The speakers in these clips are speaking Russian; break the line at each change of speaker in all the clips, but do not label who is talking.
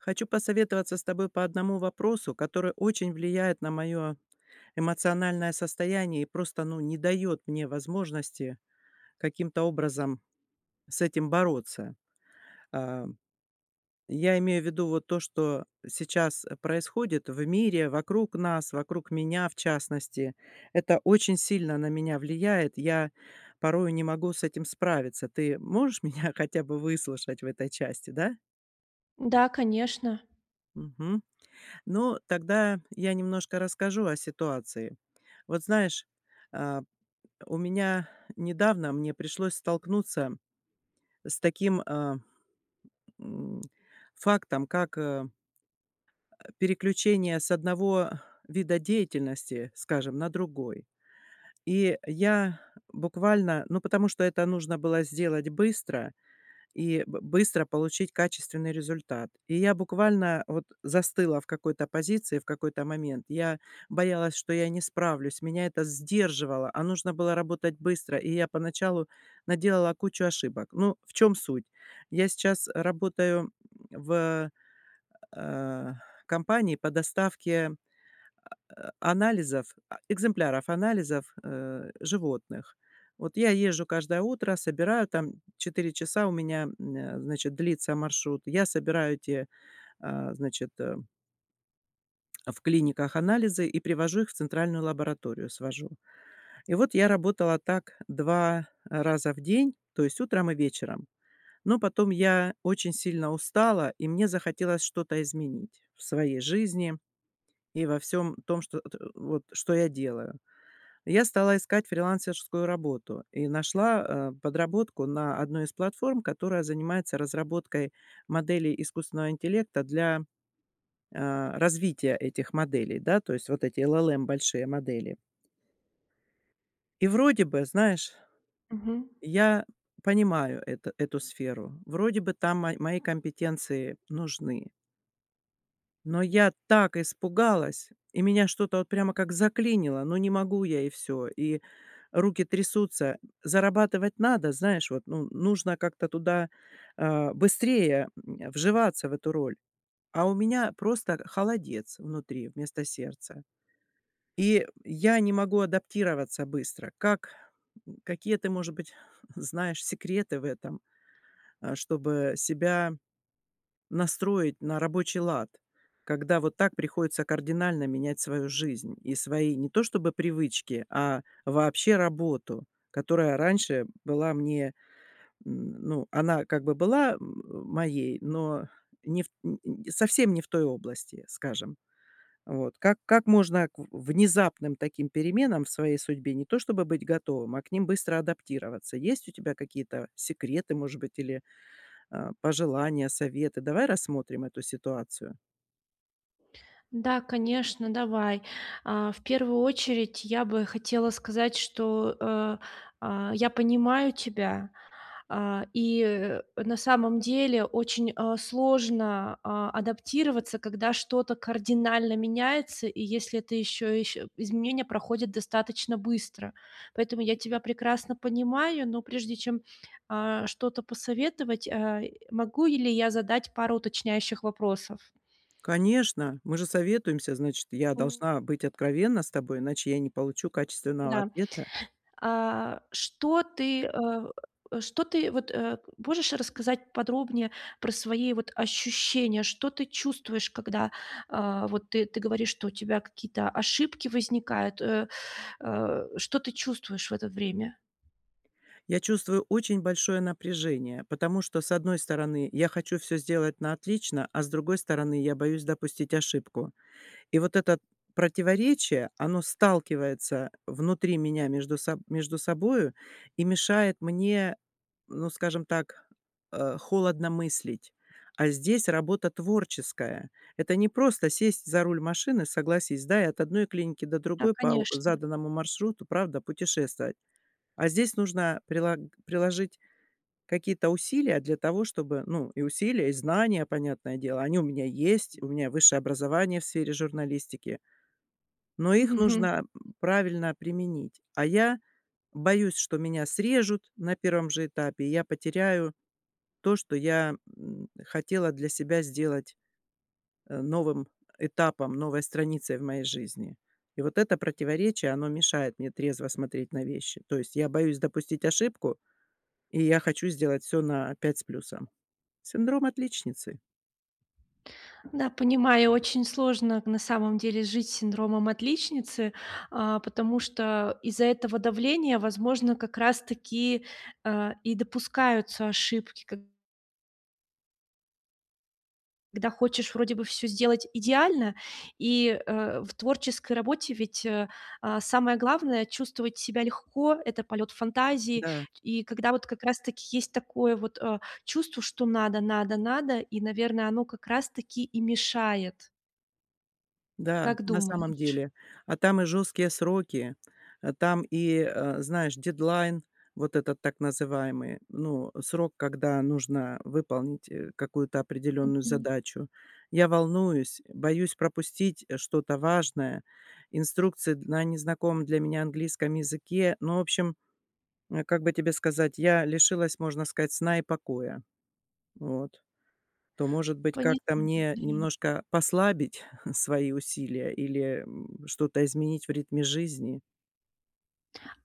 Хочу посоветоваться с тобой по одному вопросу, который очень влияет на моё эмоциональное состояние и просто, ну, не дает мне возможности каким-то образом с этим бороться. А-а, я имею в виду вот то, что сейчас происходит в мире, вокруг нас, вокруг меня в частности, это очень сильно на меня влияет, я порою не могу с этим справиться. Ты можешь меня хотя бы выслушать в этой части, да?
Да, конечно.
Мгм. Ну, тогда я немножко расскажу о ситуации. Вот знаешь, э, у меня недавно мне пришлось столкнуться с таким, э, мм, фактом, как, э, э, переключение с одного вида деятельности, скажем, на другой. И я буквально, ну, потому что это нужно было сделать быстро и б быстро получить качественный результат, и я буквально вот застыла в какой-то позиции в какой-то момент, я боялась, что я не справлюсь, меня это сдерживало, а нужно было работать быстро, и я поначалу наделала кучу ошибок. Ну, в чем суть? Я сейчас работаю в, э-э, компании по доставке а а анализов, а экземпляров анализов, э, животных. Вот я езжу каждое утро, собираю, там 4 часа у меня, мм, значит, длится маршрут, я собираю эти, э, значит, э в клиниках анализы и привожу их в центральную лабораторию, свожу. И вот я работала так 2 раза в день, то есть утром и вечером. Но потом я очень сильно устала, и мне захотелось что-то изменить в своей жизни и во всём том, чт эт вот что я делаю. Я стала искать фрилансерскую работу и нашла, э, подработку на одной из платформ, которая занимается разработкой моделей искусственного интеллекта для, э, развития этих моделей, да. То есть вот эти LLM большие модели. И вроде бы, знаешь,
Мгм.
я понимаю эта эту сферу, вроде бы там мо мои компетенции нужны. Но я так испугалась, и меня что-то вот прямо как заклинило: ну, не могу я и всё, и руки трясутся, зарабатывать надо, знаешь, вот, ну нужно как-то туда, э, быстрее, э, вживаться в эту роль, а у меня просто холодец внутри вместо сердца, и я не могу адаптироваться быстро. Как, какие, ты может быть, знаешь, секреты в этом, э, чтобы себя настроить на рабочий лад, когда вот так приходится кардинально менять свою жизнь и свои, не то чтобы привычки, а вообще работу, которая раньше была мне, н ну, она как бы была м моей, но не в т н н совсем не в той области, скажем. Вот, как как можно к в внезапным таким переменам в своей судьбе не то чтобы быть готовым, а к ним быстро адаптироваться? Есть у тебя какие-то секреты, может быть, или, э, пожелания, советы? Давай рассмотрим эту ситуацию.
Да, конечно, давай. А-а, в первую очередь я бы хотела сказать, что, э-э, а-а, я понимаю тебя, э, и, э, на самом деле очень, а, сложно, а, адаптироваться, когда что-то кардинально меняется, и если это еще ещ изменения проходят достаточно быстро. Поэтому я тебя прекрасно понимаю. Но прежде чем, а-а, что-то посоветовать, э-э, могу или я задать пару уточняющих вопросов?
Конечно, мы же советуемся, значит я должна быть откровенна с тобой, иначе я не получу качественного
Да,
ответа.
а-а, что ты, э-э, что ты, вот, э, можешь рассказать подробнее про свои вот ощущения, что ты чувствуешь, когда, а-а, вот ты ты говоришь, что у тебя какие-то ошибки возникают, э-э, э-э, что ты чувствуешь в это время?
Я чувствую очень большое напряжение, потому что, с одной стороны, я хочу всё сделать на отлично, а, с другой стороны, я боюсь допустить ошибку. И вот это противоречие- оно сталкивается внутри меня между соб между собою и мешает мне, ну, скажем так, э, холодно мыслить. А здесь работа творческая. Это не просто сесть за руль машины, согласись, да, и от одной клиники до
Да,
другой по у
конечно.
заданному маршруту, правда, путешествовать. А здесь нужно прилаг приложить какие-то усилия для того чтобы ну, и усилия, и знания, понятное дело, они у меня есть: у меня высшее образование в сфере журналистики. Но их
Мгм.
нужно правильно применить, а я боюсь, что меня срежут на 1 же этапе, и я потеряю то, что я, м, хотела для себя сделать, э, новым этапом, новой страницей в моей жизни. И вот это противоречие- оно мешает мне трезво смотреть на вещи, то есть я боюсь допустить ошибку, и я хочу сделать все на 5 с плюсом. Синдром отличницы.
Да, понимаю, очень сложно на самом деле жить с синдромом отличницы, а-а, потому что из-за этого давления, возможно, как раз таки, э-э, и допускаются ошибки, как б Когда хочешь вроде бы всё сделать идеально, и, э-э, в творческой работе ведь, э, а-а, самое главное- чувствовать себя легко, это полет фантазии,
Да.
и когда вот как раз таки есть такое вот, э, чувство, что надо, надо, надо, и, наверно, оно как раз таки и мешает.
Да,
Как
на самом
думаешь?
деле. А там и жесткие сроки, а там и, э, знаешь, дедлайн, вот этот так называемый, ну, срок, когда нужно выполнить, э, какую-то определенную
Мгм.
задачу. Я волнуюсь, боюсь пропустить, э, что-то важное, инструкции д на незнакомом для меня английском языке, ну, в общем, э, как бы тебе сказать, я лишилась, можно сказать, сна и покоя. Вот. То может быть,
Пони
как-то мне
[unintelligible]
немножко послабить свои усилия или, мм, что-то изменить в ритме жизни?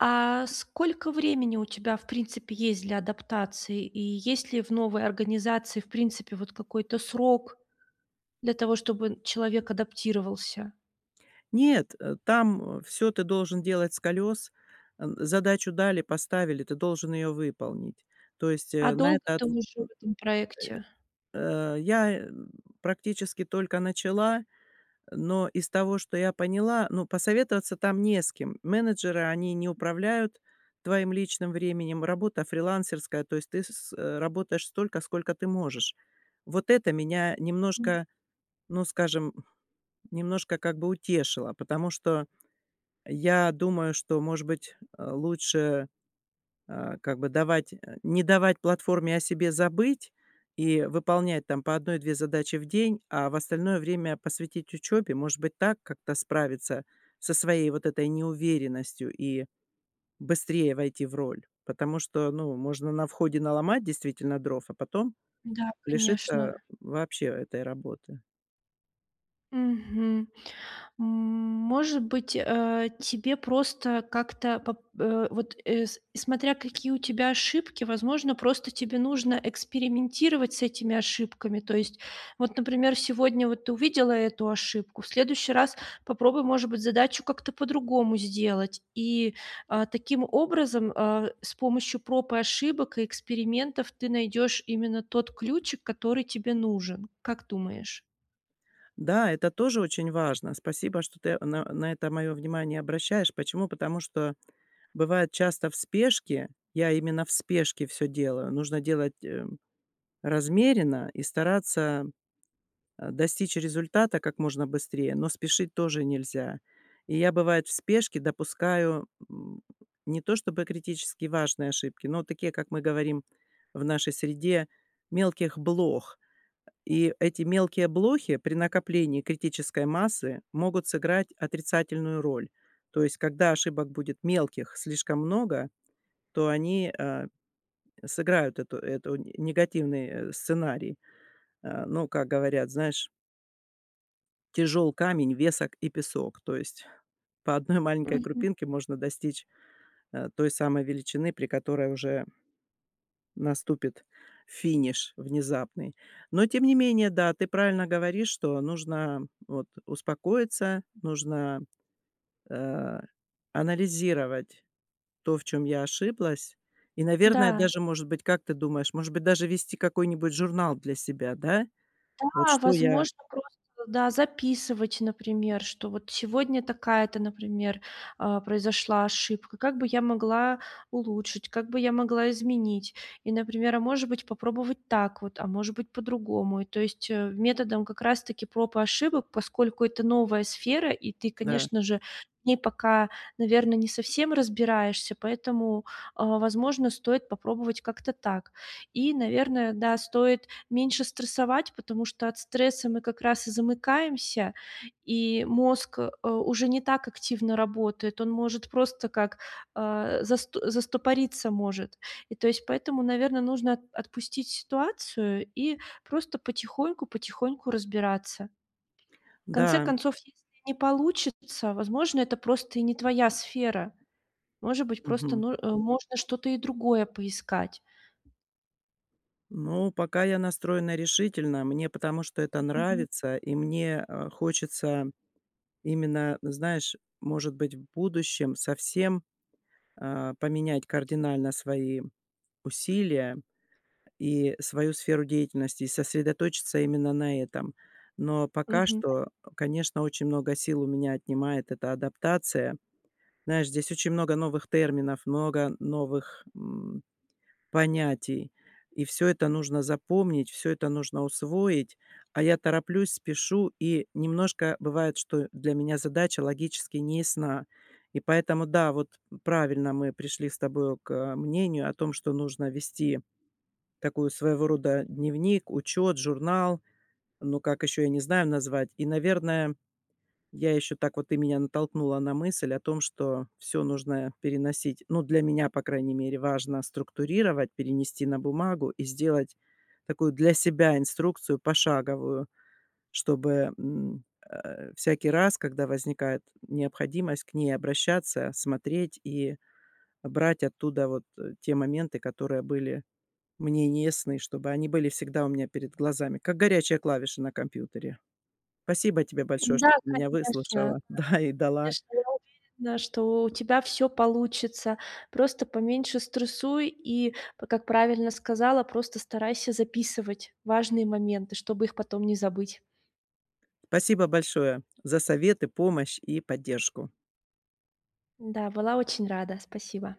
А сколько времени у тебя, в принципе, есть для адаптации? И есть ли в новой организации, в принципе, вот какой-то срок, для того чтобы н человек адаптировался?
Нет, э, там, э, всё ты должен делать "с колес". Э, задачу дали, поставили- ты должен ее выполнить. То есть,
А
э, на
долго
это
ты
отв
уже в этом проекте?
э, э, я, э, практически только начала, но из того, что я поняла, ну, посоветоваться там не с кем. Менеджеры, они не управляют твоим личным временем, работа фрилансерская, то есть ты с с э, работаешь столько, сколько ты можешь. Вот это меня
М.
немножко, ну, скажем, немножко как бы утешило, потому что я думаю, что, может быть, э, лучше, э, как бы давать не давать платформе о себе забыть и выполнять там по 1-2 задачи в день, а в остальное время посвятить учебе. Может быть, так как-то справиться со своей вот этой неуверенностью и быстрее войти в роль, потому что, ну, можно на входе наломать, действительно, дров, а потом
Да,
лишиться, э,
конечно.
вообще этой работы.
Мгм. Может быть, э, тебе просто как-то поп э, вот, э, с смотря какие у тебя ошибки, возможно, просто тебе нужно экспериментировать с этими ошибками. То есть вот, например, сегодня вот ты увидела эту ошибку, в следующий раз попробуй, может быть, задачу как-то по-другому сделать. И, а, таким образом, а, с помощью проб и ошибок, и экспериментов, ты найдешь именно тот ключик, который тебе нужен. Как думаешь?
Да, это тоже очень важно. Спасибо, что ты на на это мое внимание обращаешь. Почему? Потому что бывает часто в спешке, я именно в спешке всё делаю, нужно делать, э, размеренно и стараться, э, достичь результата как можно быстрее, но спешить тоже нельзя. И я, бывает, в спешке допускаю не то чтобы критически важные ошибки, но такие, как мы говорим в нашей среде, мелких блох. Э, и эти мелкие блохи при накоплении критической массы могут сыграть отрицательную роль, то есть когда ошибок будет мелких слишком много, то они, э, сыграют это это негативный, э, сценарий. Э, ну, как говорят, знаешь тяжел камень, весок и песок, то есть по 1 маленькой
Мгм.
крупинке можно достичь, э, той самой величины, при которой уже наступит финиш внезапный. Но тем не менее, да, ты правильно говоришь, что нужно вот успокоиться, нужно, э-э, анализировать то, в чём я ошиблась и, наверное,
Да.
даже, может быть, как ты думаешь, может быть даже вести какой-нибудь журнал для себя? Да? Вот
Да,
что я
возможно, просто туда записывать, например, что вот сегодня такая-то, например, а, произошла ошибка, как бы я могла улучшить, как бы я могла изменить. И, например, а может быть, попробовать так вот, а может быть, по-другому. И то есть, э-э, методом как раз таки проб и ошибок, поскольку это новая сфера и ты,
Да.
конечно же, в ней пока, наверно, не совсем разбираешься, поэтому, а-а, возможно, стоит попробовать как-то так. И, наверное, да, стоит меньше стрессовать, потому что от стресса мы как раз и замыкаемся, и мозг, э, уже не так активно работает, он может просто как, э-э, заст застопориться может. И то есть поэтому, наверно, нужно от отпустить ситуацию и просто потихоньку, потихоньку разбираться. В конце
Да.
концов, если не получится, возможно, это просто и не твоя сфера. Может быть, просто
Мгм.
ну э, можно что-то и другое поискать.
Ну, пока я настроена решительно, мне, потому что это
Мгм.
нравится, и мне, э, хочется именно, знаешь, может быть, в будущем совсем, э-э, поменять кардинально свои усилия и свою сферу деятельности и сосредоточиться именно на этом. Но пока
Мгм. По
что, конечно, очень много сил у меня отнимает эта адаптация. Знаешь, здесь очень много новых терминов, много новых, мм, понятий. И всё это нужно запомнить, всё это нужно усвоить, а я тороплюсь, спешу, и немножко бывает, что для меня задача логически неясна, и поэтому да, вот правильно, мы пришли с тобою к, э-э, мнению о том, что нужно вести такую, своего рода, дневник, учёт, журнал, ну как ещё, я не знаю, назвать. И, наверное, я ещё так вот, ты меня натолкнула на мысль о том, что всё нужно переносить, ну, для меня, по крайней мере, важно структурировать, перенести на бумагу и сделать такую для себя инструкцию пошаговую. Чтобы, мм, э, всякий раз, когда возникает необходимость к ней обращаться, смотреть и брать оттуда вот, э, те моменты, которые были мне не ясны, чтобы они были всегда у меня перед глазами, как горячая клавиша на компьютере. Спасибо тебе большое,
Да,
что ты меня
конечно,
выслушала, да, и дала
конечно, я уверена, что у тебя всё получится. Просто поменьше стрессуй и, как правильно сказала, просто старайся записывать важные моменты, чтобы их потом не забыть.
Спасибо большое за советы, помощь и поддержку.
Да, была очень рада. Спасибо.